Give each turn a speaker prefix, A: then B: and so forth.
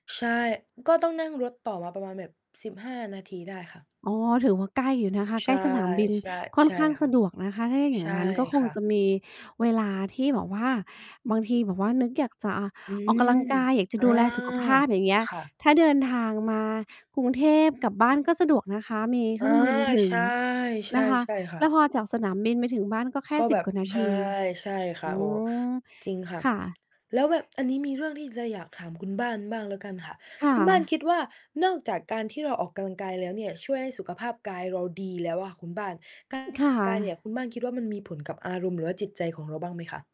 A: ใช่ ก็ต้องนั่งรถต่อมาประมาณแบบ 15 นาทีได้ค่ะ
B: อ๋อ ถือว่าใกล้อยู่นะคะ
A: ใช
B: ใกล
A: ่
B: ้สนามบิน
A: ๆ
B: ค่อ
A: ใช
B: น
A: ่
B: ข้าง
A: ค
B: ส
A: ่ะ
B: ะดวกนะคะ ถ้าอย่
A: ใช
B: าง
A: ่
B: งั้นก็ค
A: ค
B: ง
A: ่
B: จ
A: ะ
B: ะมีเวลาที่แบบว่า บางทีแบบว่านึกอยากจะ
A: อื
B: ออกกำ
A: ม
B: ลังกาย อยากจะ
A: อา
B: ดูแลสุขภาพ อย่างเงี้ย
A: ค่ะ
B: ถ้าเดินทางมากรุงเทพกับบ้านก็สะดวกนะคะ มีเค
A: อ
B: ร
A: า
B: ื่องบินถึ
A: ใช
B: ง
A: ่ ๆ ใ
B: นะคะ
A: ช่ค่
B: แล้ว
A: ะ
B: พอจากสนามบินไปถึงบ้านก็แค่
A: ก็
B: สิ
A: แบ
B: บ
A: บ
B: กว่านา
A: ใช
B: ท
A: ่
B: ี
A: ใช่ค
B: อื
A: ่ะ โอ้โฮ
B: ม
A: จริงค่ะ
B: ค่ะ
A: แล้วแบบ อันนี้มีเรื่องที่จะอยากถามคุณบ้านบ้างแล้วกันค่ะ
B: ค่
A: คุณบ้าน
B: ะ
A: คิดว่า นอกจากการที่เราออกกำลังกายแล้วเนี่ย ช่วยให้สุขภาพกายเราดีแล้วอะคุณบ้าน การ
B: ค่
A: กายเนี่ย
B: ะ
A: คุณบ้านคิดว่ามันมีผลกับอารมณ์หรือว่าจิตใจของเราบ้างไหมคะ?